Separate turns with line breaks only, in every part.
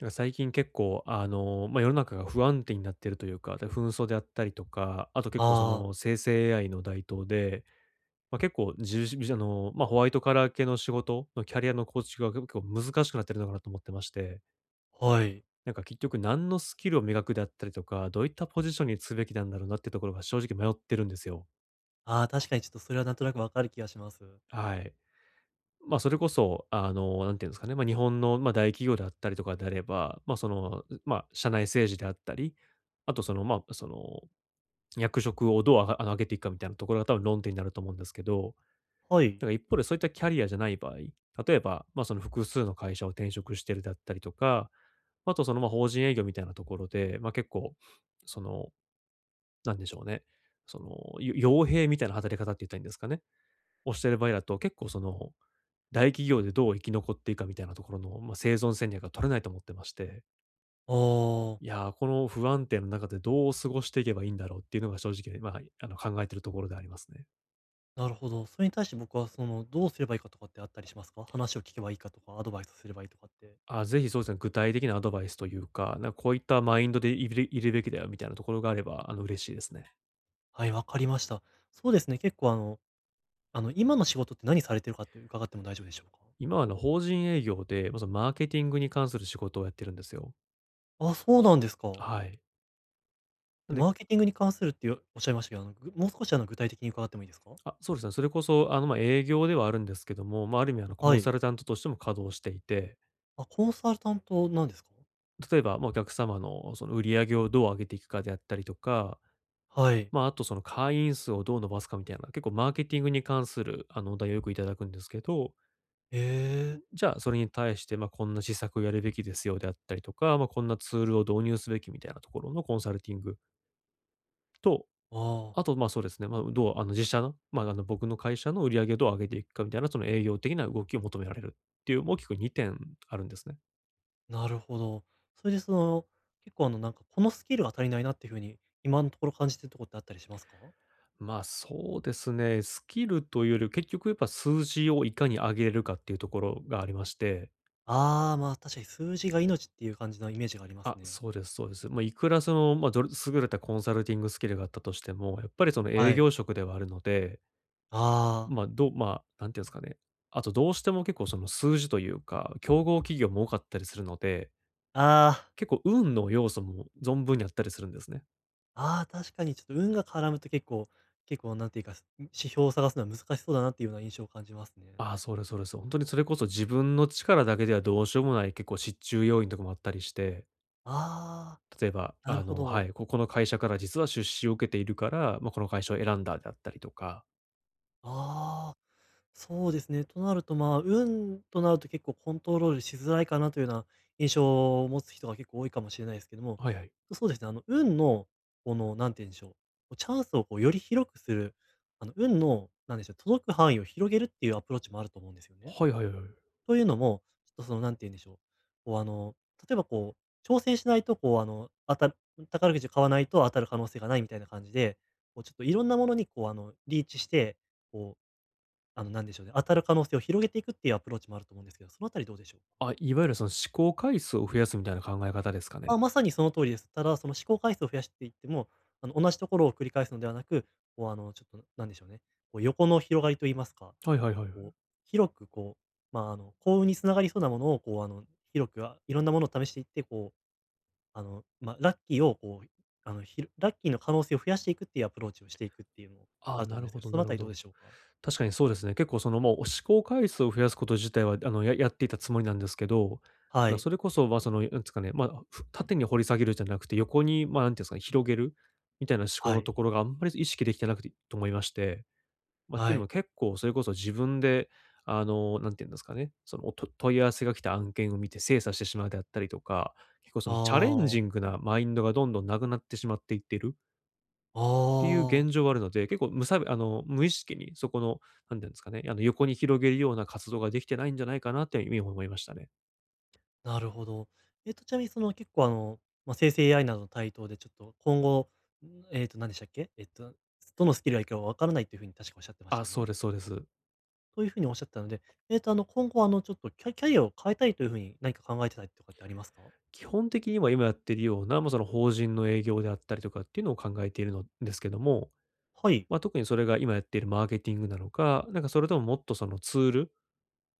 なんか最近結構、あの、まあ、世の中が不安定になっているというか、で、紛争であったりとか、あと結構そ
ああ。
の生成 AI の台頭で、ま、結構じゅうじびじょの、まあ、ホワイトカラー系の仕事のキャリアの構築が結構難しくなってるのかなと思ってまして。
はい。
なんか結局何のスキルを磨くであったりとか、どういったポジションにつべきなんだろうなっていうところが正直迷ってるんですよ。
ああ、確かにちょっとそれはなんとなくわかる気がします。
はい。まあ、それこそ、あの、何て言うんですかね、まあ、日本の、ま、大企業であったりとかであれば、まあ、その、ん、ま、社内政治であったり、あとその、ま、その、役職をどうあが上げていくかみたいなところが多分論点になると思うんですけど、
はい。
なんか一方でそういったキャリアじゃない場合、例えば、まあ、その複数の会社を転職してるだったりとか、あとその、ま、法人営業みたいなところで、まあ、結構、その、なんでしょうね、その、よ傭兵みたいな働き方って言ったらいいんですかね、をしてる場合だと、結構その、大企業でどう生き残っていくかみたいなところの、ま、生存戦略が取れないと思ってまして。
おお。
いや、この不安定な中でどう過ごしていけばいいんだろうっていうのが正直ま、はい、あの考えてるところでありますね。
なるほど。それに対して僕はその、どうすればいいかとかってあったりしますか？話を聞けばいいかとか、アドバイスをすればいいとかって。
あ、ぜひそうすね、具体的なアドバイスというか、なんこういったマインドでいべりいるべきだよみたいなところがあれば、あの、嬉しいですね。
はい、わかりました。そうですね、結構あのあの今の仕事って何されてるかって伺っても大丈夫でしょうか？
今あの、法人営業で、ま、そマーケティングに関する仕事をやってるんですよ。
あ、そうなんですか。
あ、はい。なん
で、
で
マーケティングに関するっていおっしゃいましたけど、あの、ぐもう少しあの具体的に伺ってもいいですか？
あ、そうですね。それこそあの、ま、営業ではあるんですけども、ま、ある意味あのコ
は
ン
い。
サルタントとしても稼働していて
あ、コンサルタントなんです
例えば、ま、お客様のその売り上げをどう上げていくかであったりとか。
はい。
ま、あとその会員数をどう伸ばすかみたいな、結構マーケティングに関する、あの、お題をよくいただくんですけど
ええ。
じゃあ、それに対して、ま、「こんな施策をやるべきですよ」であったりとか、ま、こんなツールを導入すべきみたいなところのコンサルティング。と、
ああ。
あとま、そうですね、ま、うどうあの、自社の、ま、あの、僕の会社の売り上げをどう上げていくかみたいなその営業的な動きを求められるっていう大きく2点あるんですね。
なるほど。それでその、結構あのなんかこのスキルは足りないなってふうに今のところ感じてるとこってあったりしますか？
まあ、そうですね、スキルというより、結局やっぱ数字をいかに上げるかっていうところがありまして。
ああ、ま、確かに数字が命っていう感じのイメージがあります
あ、
ね。
そうです、そうですよ。ま、いくらその、ま、どれ優れたコンサルティングスキルがあったとしても、やっぱりその、
は
営
い。
業職ではあるので。
ああ。
まあ、どま、なんていうんすかね。あとどうしても結構その、数字というか、競合企業も多かったりするので。
あ
結構運
あ。
の要素も存分にあったりするんですね。
ああ、確かにちょっと運が絡むと結構結構何ていうか、ん、指標を探すのは難しそうだなっていうような印象を感じますね。
ああ、そうですそうです。そう。ほんとにそれこそ自分の力だけではどうしようもない結構失注要因とかもあったりして。
あ
例えば、
あ、なる
あ
ほ
のは
ど。
い。ここの会社から実は出資を受けているから、ま、この会社を選んだであったりとか。
ああ、そうですね。となると、まあ、運となると結構コントロールしづらいかなというような印象を持つ人が結構多いかもしれないですけども、
はいはい。
そうですね。あの、運の、この何て言うんでしょう、こうチャンスをこうより広くする、あの、運のなんでしょう、届く範囲を広げるっていうアプローチもあると思うんですよね。
はいはいはい。
というのも、ちょっとそのなんて言うんでしょう、こうあの、例えばこう、挑戦しないと、こうあの、当たるうん。宝くじ買わないと当たる可能性がないみたいな感じで、こうちょっといろんなものにこう、あの、リーチして、こう、あの、なんでしょうね、当たる可能性を広げていくっていうアプローチもあると思うんですけど、そのあたりどうでしょう？
あ、いわゆるその思考回数を増やすみたいな考え方ですかね。
あ、まさにその通りです。ただその思考回数を増やしていっても、あの同じところを繰り返すのではなく、こうあの、ちょっとなんでしょうね、こう、横の広がりと言いますか、
はいはいはいはい。
こう広くこう、まああの、幸運につながりそうなものをこう、あの、広く、あ、いろんなものを試していってこう、あの、ま、ラッキーをこう、あの、ひろラッキーの可能性を増やしていくっていうアプローチをしていくっていうの、
あ
あ
あ、
ると
な
思うん
る
です
ほ
けど、
ど
そ
な
のあ
る
た
ほ
りどうで
ど。
しょうか？
確かにそうですね。結構その、もう思考回数を増やすこと自体はあのややっていたつもりなんですけど、
は
ま、
い。
それこそ、ま、その、なんつかね、ま、ふ縦に掘り下げるじゃなくて、横に、ま、何て言うんすかね、広げるみたいな思考
は
の
い。
ところがあんまり、そ意識できてなくてと思いまして、ま、てい
は
うの
い。
も結構それこそ自分であの、何て言うんですかね、その、お、と問い合わせが来た案件を見て精査してしまうであったりとか、結構そ
あ
のチャレン
あ。
ジングなマインドがどんどんなくなってしまっていってる。
あ
ていう
あ。
現状あるので、結構むさべあの、無意識にそこのなんて言うんですかね、あの横に広げるような活動ができてないんじゃないかなって、いみ、思いましたね。
なるほど。えっとちなみにその結構あの、まあ、生成 AI などの台頭でちょっと、今後、えっとなんでしたっけ？えっと、どのスキルがいいか分からないという風に確かおっしゃってまし
あ、
た
そう
ね。
ですそうです。
という風におっしゃったので、えっとあの今後あのちょっと、キャキャリアを変えたいという風に何か考えてたりとかってありますか？
基本的には今やっているような、ま、その法人の営業であったりとかっていうのを考えているのですけども、
はい。
ま、特にそれが今やっているマーケティングなのか、なんかそれとももっとそのツール、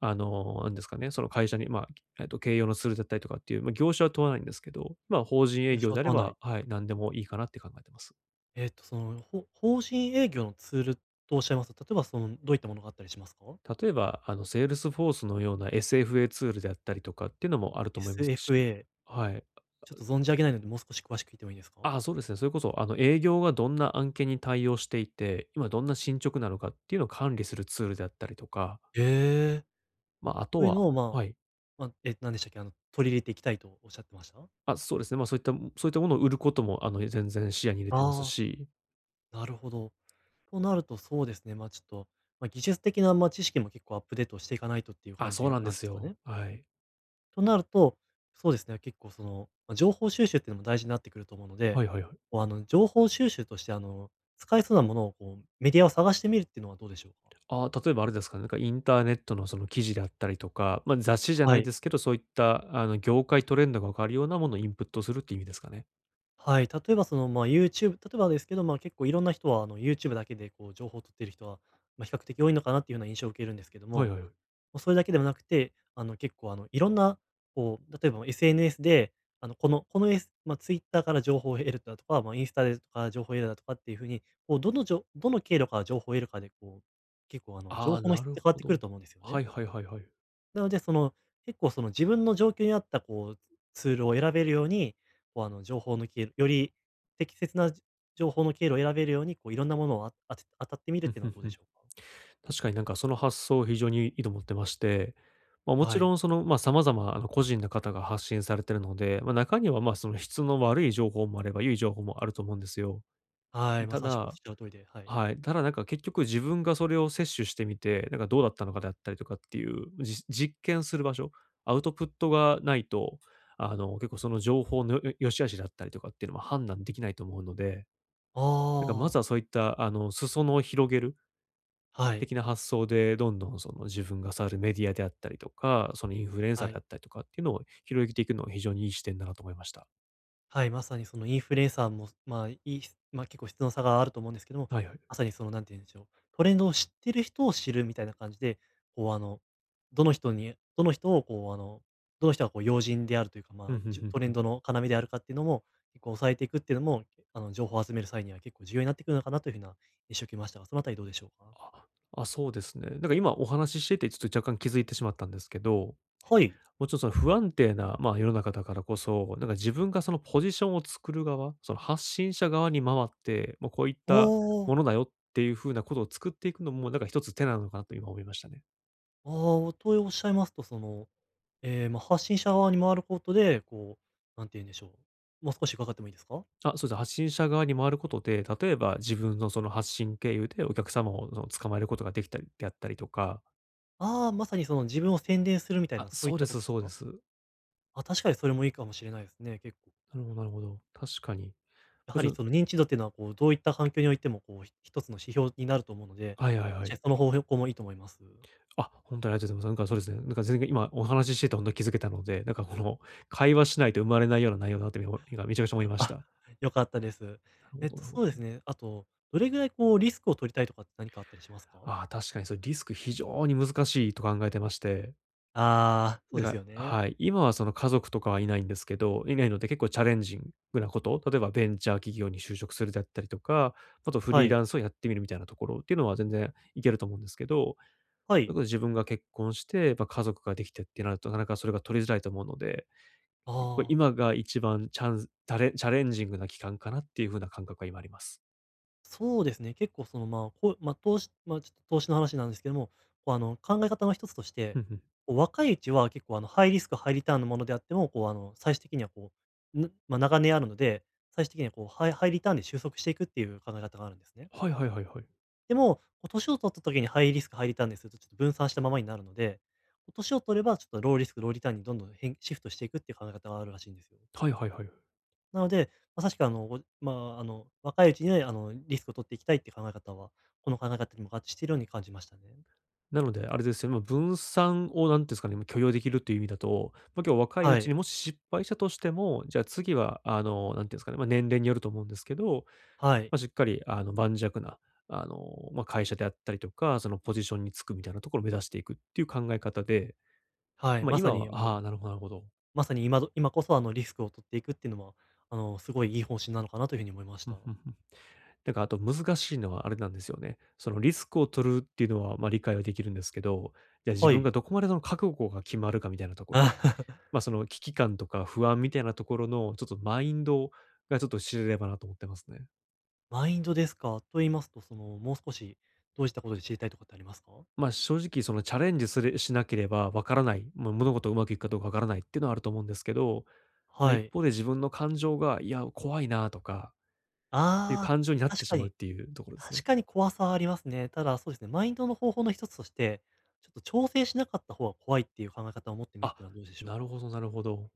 あの、なんですかね、その会社にまあ、えっと形容のツールだったりとかっていう、ま、業種は問わないんですけど、ま、法人
業
営
種
業
は
であれ
問わない。
ばはい、何でもいいかなって考えてます。
えっとその、ほ法人営業のツールとおっしゃいますと、例えばその、どういったものがあったりしますか？
例えば、あの、セールスフォースのような SFA ツールであったりとかっていうのもあると思いますし。
SFA。
はい。あ
ちょ
あ
っ
う。
と存じ上げないので、もう少し詳しく聞いてもいいですか？
ああ、そうですね。それこそ、あの、営業がどんな案件に対応していて、今どんな進捗なのかっていうのを管理するツールであったりとか。
ええ。
ま、あと
という
は
のをま
はい。
あ、ま、え、何でしたっけ？あの、取り入れていきたいとおっしゃってました？
あ、そうですね。ま、そういったもそういったものを売ることも、あの、え、全然視野に入れてます
ああ。
し。
なるほど。となるとそうですね。まあ、ちょっと、ま、技術的な、ま、知識も結構アップデートしていかないとっていう
あ、
感
そう
じ
なん
な
で
んで
す
すか
よ。
ね。
はい。
となると、そうですね、結構その情報収集っていうのも大事になってくると思うので、
はいはいはい。
こうあの情報収集としてあの使えそうなものをこうメディアを探してみるっていうのはどうでしょうか？
ああ例えばあれですかね、なんかインターネットのその記事であったりとか、ま、雑誌じゃ
は
ない
い。
ですけど、そういった、あの、業界トレンドが分かるようなものをインプットするっていう意味ですかね。
はい、例えばそのまあユーチューブ例えばですけど、ま、結構いろんな人はあのユーチューブだけでこう情報を取っている人は、ま、比較的多いのかなっていうような印象を受けるんですけど
はい
も、
はいはい。
ま、それだけではなくて、あの結構、あのいろんなこう、例えば SNS であのこの、このエスま、トゥイッターから情報を得るだとか、ま、インスタでとか情報を得るだとかっていう風に、こう、どのじょどの経路から情報を得るかでこう、結構あの
あ
情
あ、
報の
な
質っ
る
て変わっ
ほ
てく
ど。
ると思うんですよ
は
ね。
いはいはいはい。
なのでその結構その自分の状況に合ったこうツールを選べるように、こうあの情報抜きより適切な情報の経路を選べるように、こう色んなものを、ああて当たってみる
ふ
っ
ん
ていう
ふ
の
ん
はどう
ふ
で
ん。
しょうか？
確かになんかその発想を非常にいいと思ってまして、まもち
は
ろ
い。
んそのま、様々なあの個人の方が発信されているので、ま、中にはま、その質の悪い情報もあれば良い情報もあると思うんですよ。
はい、ま
た
さしくおっ
だ、
しゃる通りで、はい。
はい、ただなんか結局自分がそれを摂取してみて、なんかどうだったのかであったりとかっていう、じ実験する場所、アウトプットがないと、あの、結構その情報のよ良し悪しだったりとかっていうのは判断できないと思うので、なんかま
あ
ず
あ。
はそういった、あの、裾野を広げる
はい。
的な発想でどんどんその自分が触るメディアであったりとか、そのインフルエンサー
は
で
い。
あったりとかっていうのを広げていくのは非常にいい視点だなと思いました。
はい、まさにそのインフルエンサーも、ま、いいま、結構質の差があると思うんですけども、
はいはい。
まさにその何てゆんでしょう、トレンドを知っている人を知るみたいな感じで、こう、あの、どの人にどの人をこう、あの、どの人がこう要人であるというか、
ふ
ま
ん
あ、
ふん
じゅ
ふん、
トレ
ふ
ン
ん。
ドの要であるかっていうのも結構押さえていくってのも、あの、情報を集める際には結構重要になってくるのかなという風な印象を受けましたが、そのあたりどうでしょうか？
あ、そうですね。なんか今、お話ししててちょっと若干気づいてしまったんですけど。
はい。
もうちょっと不安定な、ま、世の中だからこそ、なんか自分がそのポジションを作る側、その発信者側に回って、「ま、こういった
おお。
ものだよ」っていう風なことを作っていくのも、なんか一つ手なのかなと今思いましたね。
おお、とおっしゃいますと、その、え、ま、発信者側に回ることで、こう、何て言うんでしょう、ま、少し伺ってもいいですか？
あ、そうです。発信者側に回ることで、例えば自分のその発信経由でお客様を、その捕まえることができたりで、あったりとか
ああ、まさにその自分を宣伝するみたい
あ、
な、そうい
そ
っ
うで
たこ
す、
とです
そうで
か？
す。
あ、確かにそれもいいかもしれないですね、結構
なるほどなるほど。確かに。
や
も
は
ち
り
ろん
その認知度っていうのはこう、どういった反響においても、こう、ひ一つの指標になると思うので、
はいはい
も
は
しや
い。
その方法向もいいと思います。
あ、ほんとにありがとうございます。なんかそうですね。なんか全然、今、お話ししててほんと気づけたので、なんかこの、会話しないと生まれないような内容だなとおも今めちゃくちゃ思いまし
あ、
た。
良かったです。
なるほ
えっ
ど
と
なるほ
そうで
ど、
す
ね。
ね。あと、どれぐらいこうリスクを取りたいとかって、何かあったりしますか？
あ、確かにそれ、リスク非常に難しいと考えてまして
ああ、そう
なん
です
か
よね。
はい。今はその、家族とかはいないんですけどいないので、結構チャレンジングなこと、例えば、ベンチャー企業に就職するだったりとか。あと、フ
は
リーラ
い。
ンスをやってみる、みたいなところっていうのは、全然いけると思うんですけど。
は
や
い。
っぱ、自分が結婚して、ぱ、家族ができてってなると、なかなかそれが取りづらいと思うので。こう
ああ。
今が一番チャンズタレチャレンジングな期間かな？っていう風な感覚が今あります。
そうですね。結構その、まあ、こう、まあ、投資まあ、ちっ投資の話なんですけども。こう、あの、考え方の一つとして、
ふんふん。
こう、若いうちは結構、あの、ハイリスクハイリターンのものであっても、こう、あの、最終的にはこう、ぬま、長年あるので、最終的にはこう、ハイハイリターンで収束していくっていう、考え方があるんですね。
はいはいはいはい。
でも、こう歳を取った時にハイリスクハイリターンにすると、ちょっと分散したままになるので。こう歳を取ればちょっと、ローリスクローリターンにどんどん、へんシフトしていくっていう考え方があるらしいんですよ。
はいはいはいはい。
なので、まさしく、あの、ごまあ、あの、若いうちには、あの、リスクを取っていきたいって考え方は、この考え方にも合致しているように感じましたね。
なので、あれですよね。ま、分散をなんていうんすかね、まあ、許容できるっていう意味だと。ま、今日若いう
は
ち
い。
にもし失敗したとしても、じゃ次は、あの、何て言うんすかね。ま、年齢によると思うんですけど。
はい。
ま、しっかり、あの、盤石な、あの、ま、会社であったりとか、そのポジションにつくみたいなところを目指していく、っていう考え方で。
はい、
まあ、
まさ
今
に、
は
え、もう
ああ、なるほどなるほど。
まさに今ど今こそ、あの、リスクを取っていくっていうのも、あの、すごいいい方針なのかなというふうに思いまし
ふん
た。
ふんふん。なんかあと、難しいのはあれなんですよね。その、リスクを取るっていうのは、ま、理解はできるんですけど。じゃあ自
は
分
い。
が、どこまでの覚悟が決まるかみたいなとこで。ま、その危機感とか不安みたいなところの、ちょっと、マインドがちょっと、知れればなと思ってますね。
マインドですか？と言いますと、その、もう少しどうしたことで知りたいとかってありますか？
ま、正直そのチャレンジする、しなければ分からない、ま、物事をうまくいくかどうか分からないっていうのはあると思うんですけど、ま、
は
一
い。
方で自分の感情が、いや、怖いなとか、っていう
あ
感情になっ
あ、
て
確
し
か
まうっ
に。
ていうところです
確
ね。
かに怖さはありますね。ただそうですね、マインドの方法の一つとして、ちょっと挑戦しなかった方が怖いっていう考え方を持ってみるっ
あ、
ていうのはどうでしょう
なる
か？
ほどなるほど。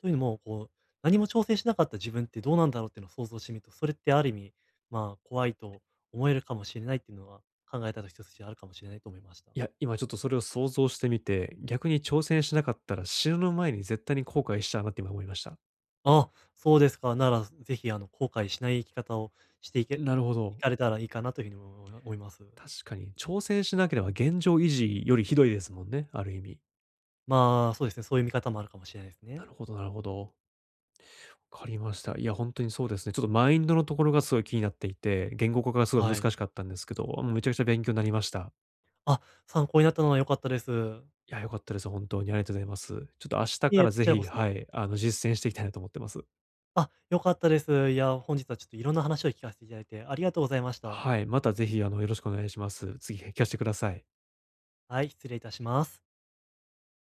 というのも、こう何も挑戦しなかった自分ってどうなんだろうっていうのを想像してみると、それってある意味、まあ、怖いと思えるかもしれないっていうのは考え方一つとしてあるかもしれないと思いました。
いや、今ちょっとそれを想像してみて、逆に挑戦しなかったら死ぬ前に絶対に後悔しちゃうなって今思いました。
あ、そうですか。なら、ぜひあの後悔しない生き方をしていけ
なるほ
い
ど。
かれたらいいかなというふうに思い思います。
確かに挑戦しなければ現状維持よりひどいですもんね、ある意味。
まあそうですね、そういう見方もあるかもしれないです
な
ね。
るほどなるほど。わかりました。いや本当にそうですね。ちょっとマインドのところがすごい気になっていて、言語化がすごい
はい。
難しかったんですけど、めちゃくちゃ勉強になりました。
あ、参考になったのは良かったです。
いや、良かったです。本当にありがとうございます。ちょっと明日
い
か
え、
ら
こ
是
ちらこ
非、
そ。
はい、あの、実践していきたいなと思ってます。
あ、良かったです。いや、本日はちょっといろんな話を聞かせていただいてありがとうございました。
はい、またぜひ、あの、よろしくお願いします。次、へ聞かしてください。
はい、失礼いたします。